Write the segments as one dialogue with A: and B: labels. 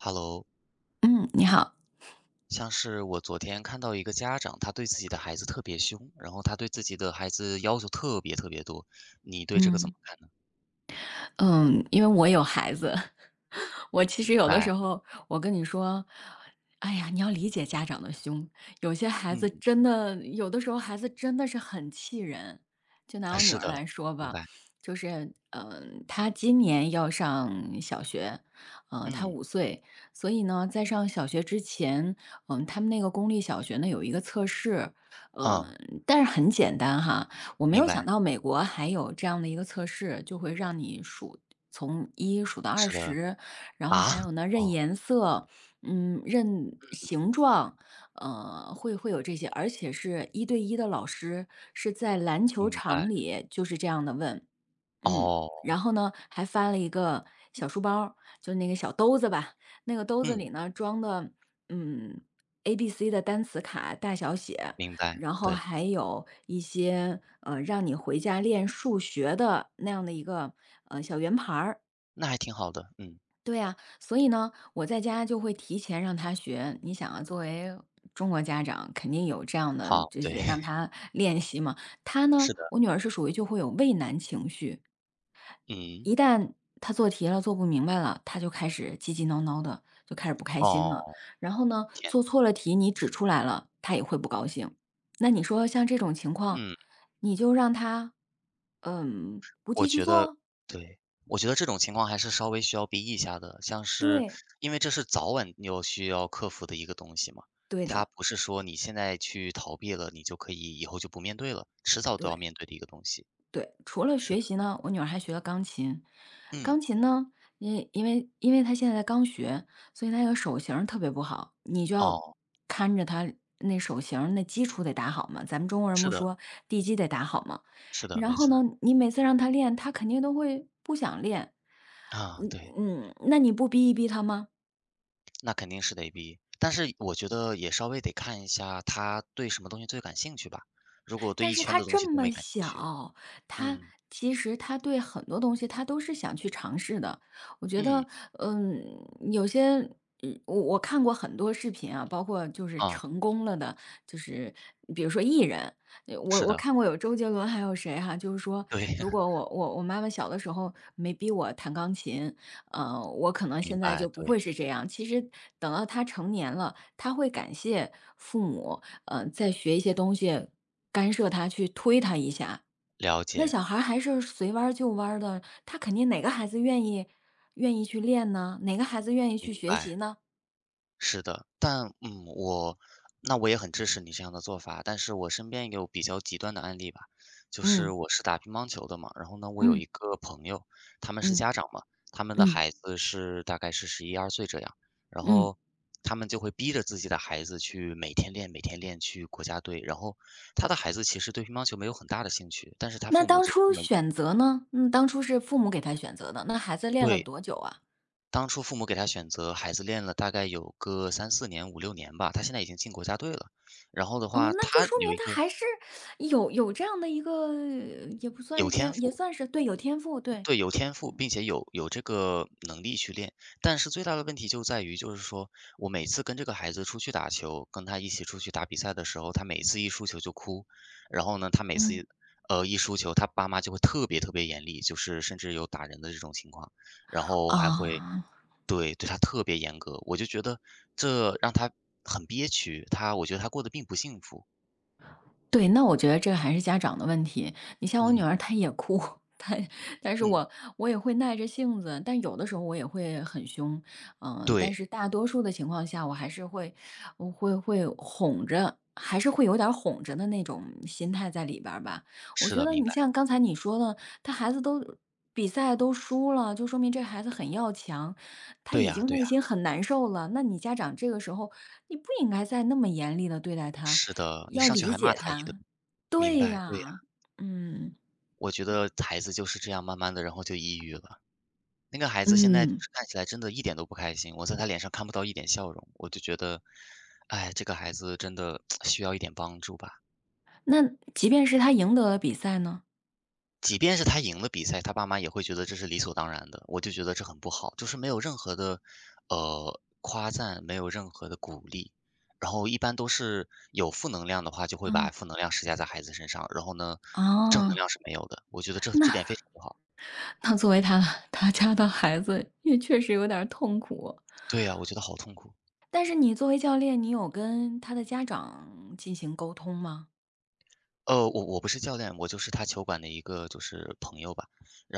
A: Hello。
B: 嗯，你好。
A: 像是我昨天看到一个家长，他对自己的孩子特别凶，然后他对自己的孩子要求特别特别多，你对这个怎么
B: 嗯。
A: 看呢？
B: 嗯，因为我有孩子，我其实
A: 明
B: 有的
A: 白。
B: 时候我跟你说，哎呀，你要理解家长的凶，有些孩子
A: 嗯。
B: 真的有的时候孩子真的是很气人。就拿我女
A: 是
B: 儿
A: 的，
B: 来说
A: 明
B: 吧，
A: 白。
B: 就是，嗯她今年要上小学，呃，她
A: 嗯。
B: 5岁，所以呢，在上小学之前，嗯，他们那个公立小学呢，有一个测试。呃，
A: 啊。
B: 但是很简单哈，我没
A: 明
B: 有想
A: 白。
B: 到美国还有这样的一个测试，就会让你数从1数到二
A: 是的，
B: 十，然后
A: 啊？
B: 还有呢，认
A: 哦。
B: 颜色，嗯，认
A: 嗯嗯。
B: 形状，呃，会会有这些，而且是一对一的老师，是在篮球
A: 明白。
B: 场里就是这样地问。嗯，
A: 哦。
B: 然后呢，还翻了一个小书包儿，就那个小兜子吧，那个兜子
A: 嗯。
B: 里呢装的，嗯，ABC 的单词卡大小写，
A: 明白，
B: 然后
A: 对。
B: 还有一些，呃，让你回家练数学的那样的一个，呃，小圆盘儿。
A: 那还挺好的，嗯。
B: 对啊，所以呢，我在家就会提前让她学，你想啊，作为中国家长肯定有这样的，
A: 好，
B: 就
A: 对。
B: 是让她练习嘛。她呢，
A: 是的。
B: 我女儿是属于就会有畏难情绪。一
A: 嗯。
B: 旦她做题了，做不明白了，她就开始急急闹闹的，就开始不开心
A: 哦，
B: 了。然后呢，
A: 天呐。
B: 做错了题你指出来了，她也会不高兴，那你说像这种情况，
A: 嗯。
B: 你就让她，呃，不
A: 我
B: 继续
A: 觉得
B: 做？
A: 对，我觉得这种情况还是稍微需要逼一下的，像是
B: 对。
A: 因为这是早晚你有需要克服的一个东西嘛。
B: 对
A: 它
B: 的。
A: 不是说你现在去逃避了，你就可以以后就不面对了，迟早都要
B: 对。
A: 面对的一个东西。
B: 对，除了
A: 是的。
B: 学习呢，我女儿还学了钢琴。
A: 嗯。
B: 钢琴呢，因为因为因为她现在刚学，所以她有手型儿特别不好，你就要
A: 哦。
B: 看着她那手型那基础得打好嘛，咱们中国人
A: 是
B: 不
A: 的。
B: 说”地基得打好“嘛。
A: 是的，
B: 然
A: 没
B: 后
A: 错。
B: 呢，你每次让她练，她肯定都会不想练。
A: 啊，
B: 嗯
A: 对。
B: 嗯，那你不逼一逼她吗？
A: 那肯定是得逼。但是我觉得也稍微得看一下，他对什么东西最感兴趣吧？如果对
B: 但
A: 一
B: 是
A: 圈
B: 她
A: 的东西
B: 这
A: 都
B: 么
A: 没感兴趣
B: 小，她
A: 嗯。
B: 其实她对很多东西她都是想去尝试的。我觉
A: 嗯。
B: 得，呃，有些我我看过很多视频啊，包括就是
A: 啊。
B: 成功了的就是，比如说艺人，我
A: 是
B: 我
A: 的。
B: 看过有周杰伦还有谁哈就是说，
A: 对呀。
B: 如果我我我妈妈小的时候没逼我弹钢琴，呃，我可能
A: 明
B: 现在
A: 白，
B: 就不
A: 对。
B: 会是这样。其实等到她成年了，她会感谢父母，呃，在学一些东西，干涉她去推她一下。
A: 了
B: 那
A: 解。
B: 小孩还是随弯儿就弯儿的，她肯定哪个孩子愿意愿意去练呢？哪个孩子愿意去
A: 明
B: 学习
A: 白。
B: 呢？
A: 是的，但嗯，我那我也很支持你这样的做法，但是我身边有比较极端的案例吧。就是
B: 嗯。
A: 我是打乒乓球的嘛，然后呢我有
B: 嗯。
A: 一个朋友，他们是
B: 嗯
A: 家长嘛，他们的
B: 嗯。
A: 孩子是大概是十一二岁这样，然
B: 嗯。
A: 后，他们就会逼着自己的孩子去每天练每天练，去国家队。然后，他的孩子其实对乒乓球没有很大的兴趣，但是他
B: 那
A: 父母
B: 当
A: 就
B: 初
A: 专门
B: 选择呢？当初是父母给他选择的，那孩子练了
A: 对。
B: 多久啊？
A: 当初父母给他选择，孩子练了大概有个3-4年、5-6年吧，他现在已经进国家队了，然后的
B: 哦，
A: 话
B: 那就
A: 他
B: 说明
A: 有一
B: 他
A: 个
B: 还是有有这样的一个也不算是
A: 有天
B: 天也
A: 赋。
B: 算是，对，有天赋，对。
A: 对，有天赋，
B: 嗯。
A: 并且有有这个能力去练，但是最大的问题就在于就是说，我每次跟这个孩子出去打球，跟他一起出去打比赛的时候，他每次一输球就哭，然后呢，他每
B: 嗯。
A: 次，呃，一输球，他爸妈就会特别特别严厉，就是甚至有打人的这种情况，然后还会
B: 哦。
A: 对，对他特别严格，我就觉得这让他很憋屈，他我觉得他过得并不幸福。
B: 对，那我觉得这还是家长的问题，你像我女
A: 嗯。
B: 儿她也哭，她但是
A: 嗯。
B: 我我也会耐着性子，但有的时候我也会很凶，嗯。但
A: 对。
B: 是大多数的情况下，我还是会我会会哄着，还是会有点儿哄着的那种心态在里边儿吧，我
A: 是
B: 觉
A: 的，
B: 得
A: 明
B: 你
A: 白。
B: 像刚才你说的，他孩子都比赛都输了，就说明这孩子很要强，他
A: 对
B: 已
A: 啊
B: 经
A: 对
B: 内
A: 啊。
B: 心很难受了，那你家长这个时候你不应该再那么严厉地对待他，
A: 是的，你
B: 要
A: 上去
B: 理
A: 还骂
B: 解
A: 他一顿
B: 他
A: 明
B: 对
A: 白，对呀。
B: 呀，嗯。
A: 我觉得孩子就是这样慢慢的，然后就抑郁了。那个孩子现在就
B: 嗯。
A: 是看起来真的一点都不开心，我在他脸上看不到一点笑容，我就觉得，哎，这个孩子真的 需要一点帮助吧。
B: 那，即便是他赢得了比赛呢？
A: 即便是他赢了比赛，他爸妈也会觉得这是理所当然的。我就觉得这很不好，就是没有任何的，呃，夸赞，没有任何的鼓励。然后一般都是有负能量的话，就会把
B: 嗯。
A: 负能量施加在孩子身上。然后呢，正能
B: 哦。
A: 量是没有的，我觉得这
B: 那
A: 这点非常不好。
B: 那作为他他家的孩子，也确实有点儿痛苦。
A: 对啊，我觉得好痛苦。
B: 但是你作为教练，你有跟他的家长进行沟通吗？
A: 呃，我我不是教练，我就是他球馆的一个就是朋友吧。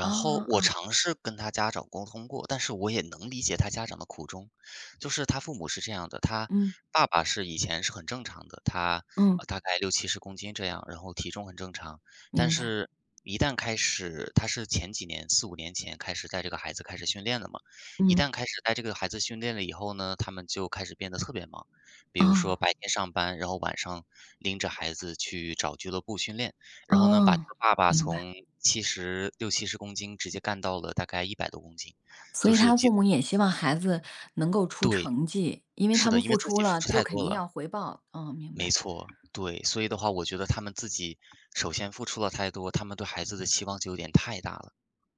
B: 啊
A: 后
B: 啊
A: 我
B: 啊。
A: 尝试跟他家长沟通过，但是我也能理解他家长的苦衷。就是他父母是这样的，他
B: 嗯。
A: 爸爸是以前是很正常的。他
B: 嗯。
A: 大概60-70公斤这样，然后体重很正常。但
B: 明白。
A: 是一旦开始，他是前几年，4-5年前开始带这个孩子开始训练的嘛。一
B: 嗯。
A: 旦开始带这个孩子训练了以后呢，他们就开始变得特别忙。比如说
B: 哦。
A: 白天上班，然后晚上拎着孩子去找俱乐部训练。然后呢，把这
B: 哦，
A: 个爸爸
B: 明白。
A: 从7060-70公斤直接干到了大概100多公斤，
B: 所
A: 就
B: 以
A: 是
B: 他
A: 极
B: 父
A: 度
B: 母也希望孩子能够出
A: 对，
B: 成绩，因为
A: 是
B: 他
A: 的。
B: 们
A: 因为
B: 付
A: 自
B: 出
A: 己付
B: 了
A: 出
B: 就
A: 太
B: 肯
A: 多
B: 定
A: 了。
B: 要回报。啊，明
A: 没
B: 白。
A: 错，对。所以的话，我觉得他们自己首先付出了太多，他们对孩子的期望就有点太大了。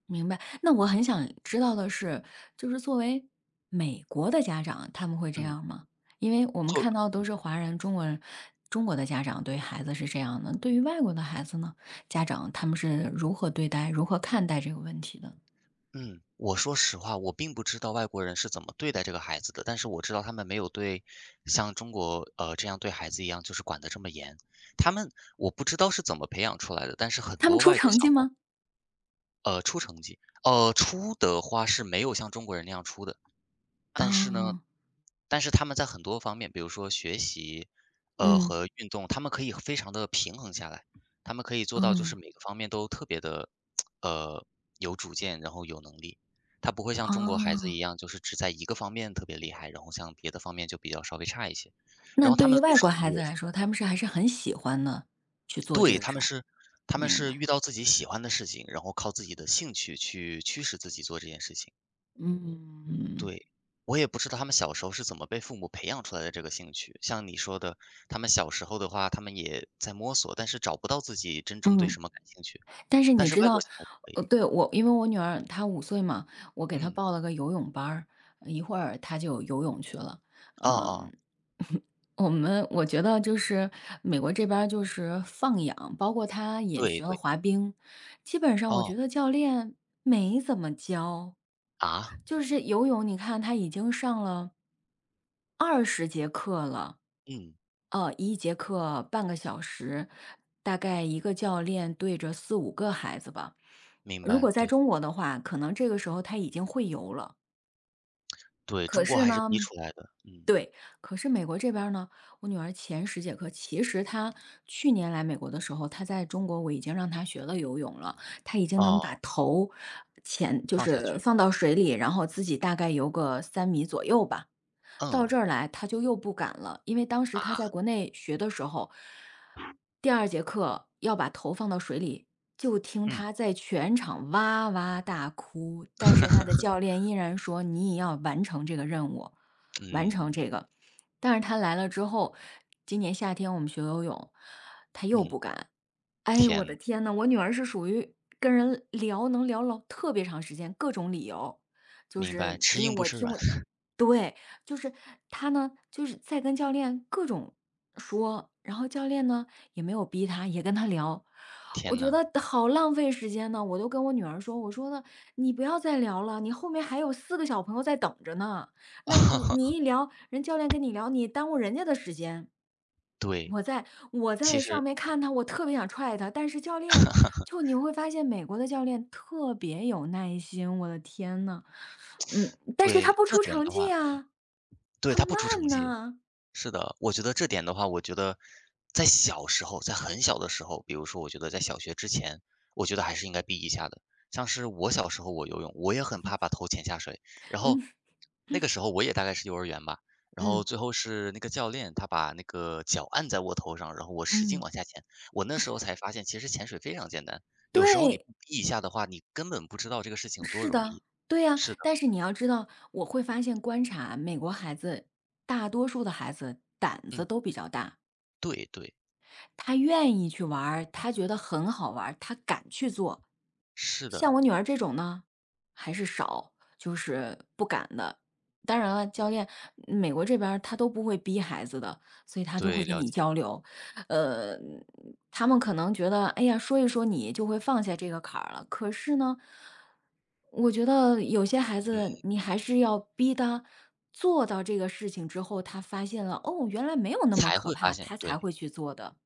B: 明白，那我很想知道的是就是作为美国的家长，他们会这
A: 嗯。
B: 样吗？因为我们
A: 做
B: 看到
A: 嗯。
B: 都是华人中国人，中国的家长对孩子是这样的。对于外国的孩子呢，家长他们是如何对待，如何看待这个问题的？
A: 嗯，我说实话，我并不知道外国人是怎么对待这个孩子的。但是我知道他们没有对像中国，呃，这样对孩子一样就是管得这么严，他们我不知道是怎么培养出来的。但是很
B: 他们
A: 多
B: 出
A: 外国
B: 成
A: 小
B: 绩
A: 孩儿
B: 吗？
A: 呃，出成绩呃，出的话是没有像中国人那样出的。但是呢，
B: 嗯。
A: 但是他们在很多方面比如说学习，呃，
B: 嗯。
A: 和运动，他们可以非常地平衡下来，他们可以做到就是
B: 嗯。
A: 每个方面都特别的，呃，有主见，然后有能力。他不会像中国孩子
B: 嗯。
A: 一样，就是只在一个方面特别厉害，然后像别的方面就比较稍微差一些，
B: 那
A: 然后他
B: 对
A: 们
B: 于
A: 的动
B: 外国
A: 手能
B: 孩
A: 力也
B: 子
A: 非
B: 来说，
A: 常
B: 他
A: 强。
B: 们是还是很喜欢呢去做这
A: 对，
B: 个
A: 他
B: 事
A: 们
B: 儿？
A: 是他们
B: 明
A: 是
B: 白。
A: 遇到自己喜欢的事情，然后靠自己的兴趣去驱使自己做这件事情。
B: 嗯嗯。
A: 对，我也不知道他们小时候是怎么被父母培养出来的这个兴趣。像你说的，他们小时候的话，他们也在摸索，但是找不到自己真正对
B: 嗯。
A: 什么感兴趣，
B: 但是
A: 但
B: 你
A: 是
B: 知
A: 外国
B: 道
A: 小孩就可
B: 呃，
A: 以。
B: 对，我因为我女儿她五岁嘛，我给她
A: 嗯。
B: 报了个游泳班儿，一会儿她就游泳去了。
A: 哦
B: 嗯，
A: 哦。
B: 我们我觉得就是美国这边儿就是放养，包括她也
A: 对
B: 学了
A: 对。
B: 滑冰，基本上我
A: 哦。
B: 觉得教练没怎么教，
A: 啊？
B: 就是游泳你看她已经上了20节课了。
A: 嗯。
B: 呃，1节课半个小时，大概1个教练对着4-5个孩子吧。
A: 明
B: 如果
A: 白，
B: 在
A: 对。
B: 中国的话，可能这个时候她已经会游了。
A: 对，
B: 可
A: 中国
B: 是
A: 还是逼
B: 呢
A: 出来的，嗯。
B: 对，可是美国这边儿呢，我女儿前10节课其实她去年来美国的时候，她在中国我已经让她学了游泳了，她已经能把
A: 哦。
B: 头潜就
A: 放下
B: 是
A: 去。
B: 放到水里，然后自己大概游个3米左右吧，到
A: 嗯。
B: 这儿来她就又不敢了。因为当时她在
A: 啊？
B: 国内学的时候，第2节课要把头放到水里，就听
A: 嗯。
B: 她在全场哇哇大哭，但是她的教练 依然说你也要完成这个任务完成
A: 嗯。
B: 这个。但是她来了之后，今年夏天我们学游泳，她又
A: 嗯。
B: 不敢。哎，
A: 天
B: 我
A: 呐。
B: 的天呐，我女儿是属于跟人聊能聊老特别长时间各种理由，就
A: 明白，
B: 是
A: 吃
B: 因为
A: 硬不
B: 我
A: 吃
B: 听
A: 软。
B: 我 对，就是她呢就是在跟教练各种说，然后教练呢，也没有逼她，也跟她聊。我
A: 天
B: 觉
A: 呐。
B: 得好浪费时间呢，我就跟我女儿说我说呢，你不要再聊了，你后面还有4个小朋友在等着呢，那你你一聊人教练 跟你聊，你耽误人家的时间。
A: 对。
B: 我在我
A: 其
B: 在上
A: 实
B: 面看她，我特别想踹她，但是教练 就你会发现美国的教练特别有耐心，我的天呐。嗯，但是他
A: 对，
B: 不
A: 这
B: 出
A: 点
B: 成
A: 的话
B: 绩
A: 嗯。
B: 啊，
A: 对，
B: 他
A: 他不出成
B: 慢
A: 绩，
B: 呐。
A: 是的，我觉得这点的话我觉得在小时候在很小的时候比如说我觉得在小学之前，我觉得还是应该逼一下的。像是我小时候我游泳，我也很怕把头潜下水，然后
B: 嗯。
A: 那个 时候我也大概是幼儿园吧，然后
B: 嗯。
A: 最后是那个教练，他把那个脚按在我头上，然后我使劲
B: 嗯。
A: 往下潜，我那时候 才发现其实潜水非常简单。有时候你
B: 对！
A: 不逼一下的话，你根本不知道这个事情有多
B: 是
A: 容
B: 的，
A: 易，
B: 对呀，
A: 是的。
B: 但是你要知道我会发现观察美国孩子，大多数的孩子胆子
A: 嗯。
B: 都比较大。
A: 对对。
B: 他愿意去玩，他觉得很好玩儿，他敢去做。
A: 是
B: 像
A: 的。
B: 我女儿这种呢，还是少，就是不敢的。当然了，教练美国这边儿他都不会逼孩子的，所以他都会
A: 对，
B: 跟
A: 了
B: 你
A: 解。
B: 交流，呃，他们可能觉得，哎呀，说一说你就会放下这个坎儿了。可是呢，我觉得有些孩子
A: 嗯。
B: 你还是要逼他做到这个事情之后，他发现了，哦，原来没有那么
A: 才
B: 可
A: 会发
B: 怕，
A: 现，
B: 他才
A: 对。
B: 会去做的，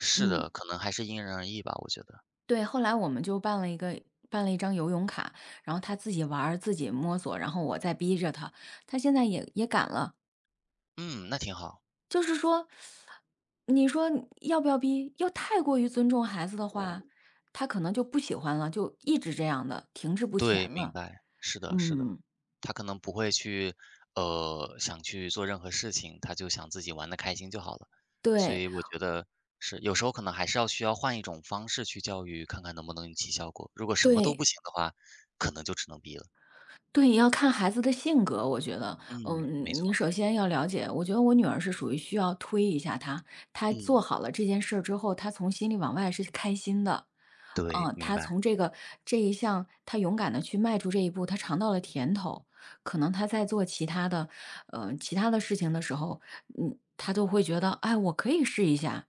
A: 是
B: 嗯。
A: 的，可能还是因人而异吧，我觉得。
B: 对，后来我们就办了一个办了一张游泳卡，然后她自己玩儿，自己摸索，然后我再逼着她，她现在也也敢了。
A: 嗯，那挺好。
B: 就是说，你说要不要逼？要太过于尊重孩子的话，她可能就不喜欢了，就一直这样地停滞不
A: 对，
B: 前
A: 明
B: 了，
A: 白，是的是的，
B: 嗯。
A: 他可能不会去，呃，想去做任何事情，他就想自己玩得开心就好了。所
B: 对。
A: 以我觉得，是，有时候可能还是要需要换一种方式去教育，看看能不能引起效果，如果什么都不
B: 对。
A: 行的话，可能就只能逼了。
B: 对，要看孩子的性格我觉得。
A: 嗯，没
B: 嗯，你
A: 错。
B: 首先要了解，我觉得我女儿是属于需要推一下她，她做
A: 嗯。
B: 好了这件事儿之后，她从心里往外是开心的。
A: 对，
B: 嗯，
A: 明
B: 她
A: 白。
B: 从这个这一项她勇敢地去迈出这一步，她尝到了甜头，可能她在做其他的呃，其他的事情的时候，嗯，她都会觉得，哎，我可以试一下。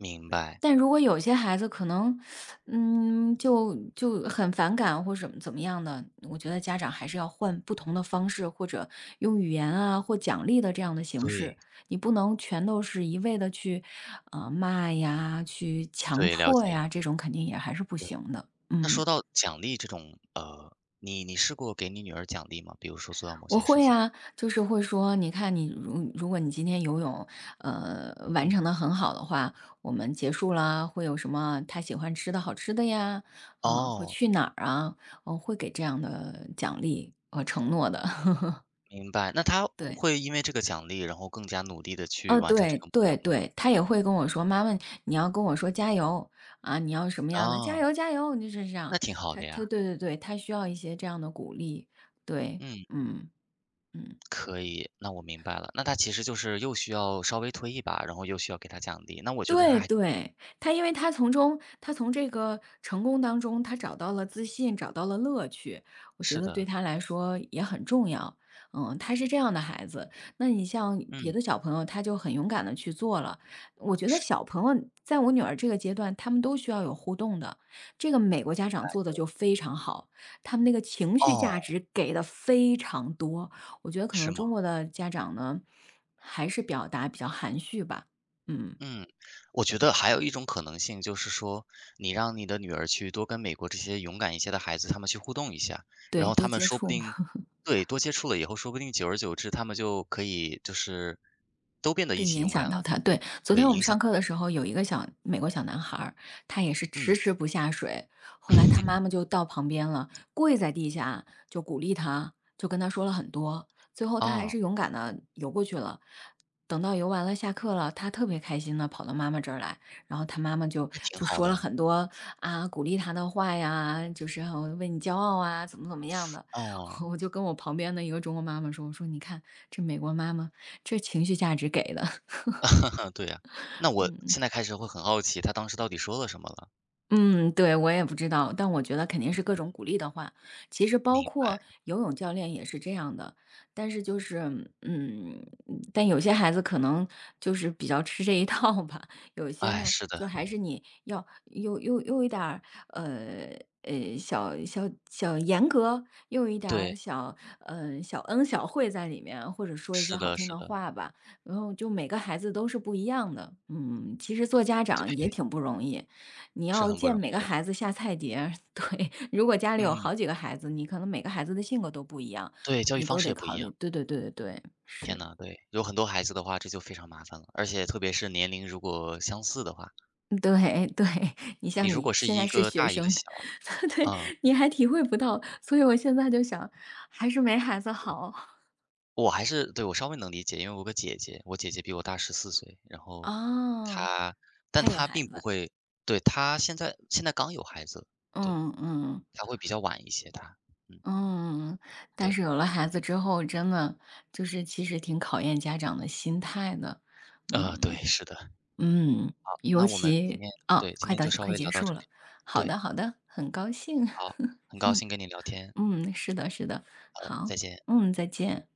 A: 明白。
B: 但如果有些孩子可能，嗯，就就很反感或什么怎么样的，我觉得家长还是要换不同的方式，或者用语言啊或奖励的这样的形式，
A: 对。
B: 你不能全都是一味地去，呃，骂呀、去强
A: 对，了
B: 迫
A: 解。
B: 呀，这种肯定也还是不
A: 对，
B: 行的，
A: 那说
B: 嗯。
A: 到奖励这种，呃，你你试过给你女儿奖励吗？比如说做到某
B: 我
A: 些事
B: 会
A: 情。
B: 啊，就是会说，你看你，呃，如如果你今天游泳，呃，完
A: 嗯。
B: 成得很好的话，我们结束了，会有什么她喜欢吃的好吃的呀，嗯，会
A: 哦。
B: 去哪儿啊，我会给这样的奖励和承诺的。
A: 明白，那她
B: 对。
A: 会因为这个奖励，然后更加努力地去
B: 嗯，
A: 完成这
B: 对
A: 个目
B: 对
A: 标吗？
B: 对，她也会跟我说，妈妈，你要跟我说加油。啊，你要什么样的，加
A: 啊。
B: 油加油，那就是这样。
A: 那挺好
B: 她
A: 的
B: 对
A: 呀。
B: 对对，她需要一些这样的鼓励，对，
A: 嗯。
B: 嗯，嗯。
A: 可以。那我明白了，那她其实就是又需要稍微推一把，然后又需要给她奖励，那我觉得
B: 对
A: 她还
B: 对，她因为她从中她从这个成功当中，她找到了自信，找到了乐趣，我觉
A: 是
B: 得对
A: 的。
B: 她来说也很重要。嗯，她是这样的孩子，那你像别
A: 嗯。
B: 的小朋友，他就很勇敢地去做了，我觉得
A: 是。
B: 小朋友在我女儿这个阶段，他们都需要有互动的，这个美国
A: 明
B: 家长
A: 白，
B: 做得
A: 对。
B: 就非常好，他们那个情绪价
A: 哦。
B: 值给的非常多，我觉得可
A: 是
B: 能
A: 吗？
B: 中国的家长呢，还是表达比较含蓄吧，嗯。
A: 嗯，我觉得还有一种可能性就是说，你让你的女儿去多跟美国这些勇敢一些的孩子他们去互动一下，然
B: 对，
A: 后
B: 多
A: 他们
B: 接
A: 说不
B: 触嘛。
A: 定对，多接触了以后，说不定久而久之，他们就可以就是都变得
B: 对，
A: 一起
B: 影
A: 勇敢
B: 响到
A: 了，
B: 她。对，昨
A: 对，
B: 天我们
A: 影响
B: 上
A: 到
B: 课的
A: 她了。
B: 时候，有一个小美国小男孩儿，他也是迟
A: 嗯。
B: 迟不下水，后来他妈 妈就到旁边了，跪在地下就鼓励他，就跟他说了很多，最后他还
A: 哦。
B: 是勇敢地游过去了。等到游完了下课了，他特别开心地跑到妈妈这儿来，然后他妈妈就
A: 那挺
B: 就
A: 好
B: 说了
A: 的。
B: 很多，啊，鼓励他的话呀，就是很为你骄傲啊，怎么怎么样的，
A: 哦。
B: 我就跟我旁边的一个中国妈妈说，我说你看这美国妈妈，这情绪价值给的。
A: 对啊，那 我
B: 嗯-
A: 现
B: 嗯。
A: 在开始会很好奇，她当时到底说了什么了？
B: 嗯，对，我也不知道，但我觉得肯定
A: 嗯
B: 是各
A: 嗯。
B: 种鼓励的话，其实包
A: 明白。
B: 括游泳教练也是这样的。但是就是嗯，但有些孩子可能就是比较吃这一套吧，有些
A: 哎，
B: 呢
A: 是的。
B: 就还是你要用用用一点儿，呃，诶，小小小严格，用一点儿
A: 对。
B: 小呃，小恩小惠在里面，或者说一些
A: 是
B: 好
A: 的
B: 听
A: 是
B: 的
A: 的。
B: 话吧，然后就每个孩子都是不一样的。嗯，其实做家长也
A: 对。
B: 挺不容易，你
A: 是
B: 要
A: 很不
B: 见
A: 容
B: 每个
A: 易的。
B: 孩子下菜碟儿，对，如果家里有
A: 嗯。
B: 好几个孩子，你可能每个孩子的性格都不一样，
A: 对，教育
B: 你
A: 方
B: 都
A: 式
B: 得
A: 也不一
B: 考虑，
A: 样。
B: 对对对对对，
A: 天
B: 是。
A: 呐，对，有很多孩子的话，这就非常麻烦了，而且特别是年龄如果相似的话。
B: 对对，你
A: 你
B: 像
A: 如
B: 你
A: 果是
B: 现在
A: 一
B: 是
A: 个
B: 学
A: 大一个
B: 生，
A: 小
B: 对，
A: 嗯。
B: 你还体会不到，所以我现在就想还是没孩子好。
A: 我还是，对，我稍微能理解，因为我有个姐姐，我姐姐比我大14岁，然后
B: 哦，
A: 她但
B: 她有
A: 她
B: 孩
A: 并不
B: 子？
A: 会对，她现在现在刚有孩子，对，
B: 嗯嗯。
A: 她会比较晚一些她，嗯。
B: 嗯。但
A: 对。
B: 是有了孩子之后，真的，就是其实挺考验家长的心态的，
A: 呃，对，
B: 嗯。
A: 是的。
B: 嗯，
A: 好，
B: 尤
A: 那我们今
B: 其
A: 天
B: 啊，
A: 对，今
B: 快
A: 天
B: 到
A: 就稍
B: 快
A: 微
B: 结
A: 聊到
B: 束
A: 这
B: 了，
A: 里，
B: 好
A: 对。
B: 的好的，很高兴，
A: 好，很高
B: 嗯
A: 兴跟你聊天。
B: 嗯，是的是的，
A: 好的，
B: 好，
A: 再见。
B: 嗯，再见。